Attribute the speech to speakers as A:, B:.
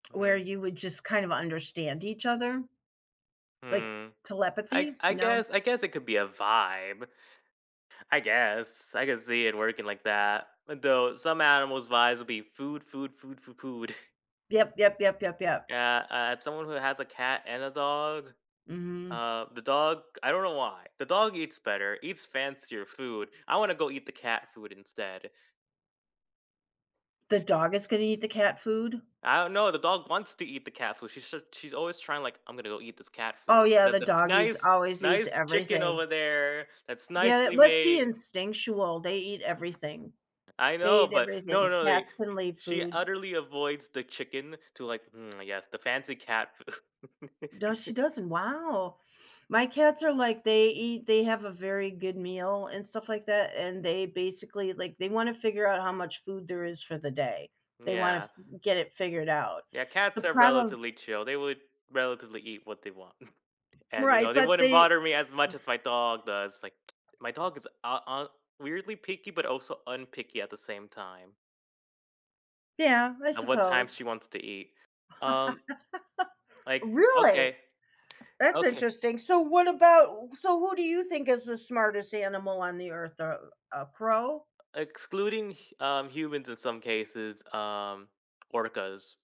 A: Where
B: Mhm.
A: you would just kind of understand each other? Like,
B: Mm. I
A: telepathy?
B: I
A: No?
B: guess I guess it could be a vibe. I guess, I can see it working like that. Though some animals' vibes will be food food food f food.
A: Yep, yep, yep, yep, yep.
B: Yeah, uh, someone who has a cat and a dog.
A: Mhm.
B: Uh, the dog, I don't know why. The dog eats better, eats fancier food. I wanna go eat the cat food instead.
A: The dog is gonna eat the cat food?
B: I dunno, the dog wants to eat the cat food, she's such she's always trying, like, I'm gonna go eat this cat food,
A: Oh, yeah,
B: instead
A: the
B: of the foo
A: dog eats
B: nice
A: always eats
B: nice chicken
A: everything.
B: over there that's
A: Yeah,
B: nicely
A: it must be
B: made.
A: instinctual, they eat everything.
B: I
A: They
B: know,
A: eat
B: but no,
A: everything.
B: no, they
A: Cats can leave
B: she
A: food.
B: utterly avoids the chicken to, like, "Hmm, yes, the fancy cat food."
A: Does she doesn't? Wow. My cats are like, they eat they have a very good meal and stuff like that, and they basically, like, they wanna figure out how much food there is for the day.
B: Mm,
A: They wanna
B: yeah.
A: f get it figured out.
B: Yeah,
A: The
B: cats are
A: problem
B: relatively chill. They would relatively eat what they want. And you
A: Right,
B: know, they
A: but
B: wouldn't
A: they
B: bother me as much as my dog does, like, my dog is uh, uh, weirdly picky but also unpicky at the same time.
A: Yeah, I
B: At what time
A: suppose.
B: she wants to eat. Um, like,
A: Really?
B: okay.
A: That's
B: Okay.
A: interesting. So, what about so who do you think is the smartest animal on the earth? Uh, a crow?
B: Excluding, h um, humans in some cases, um, orcas.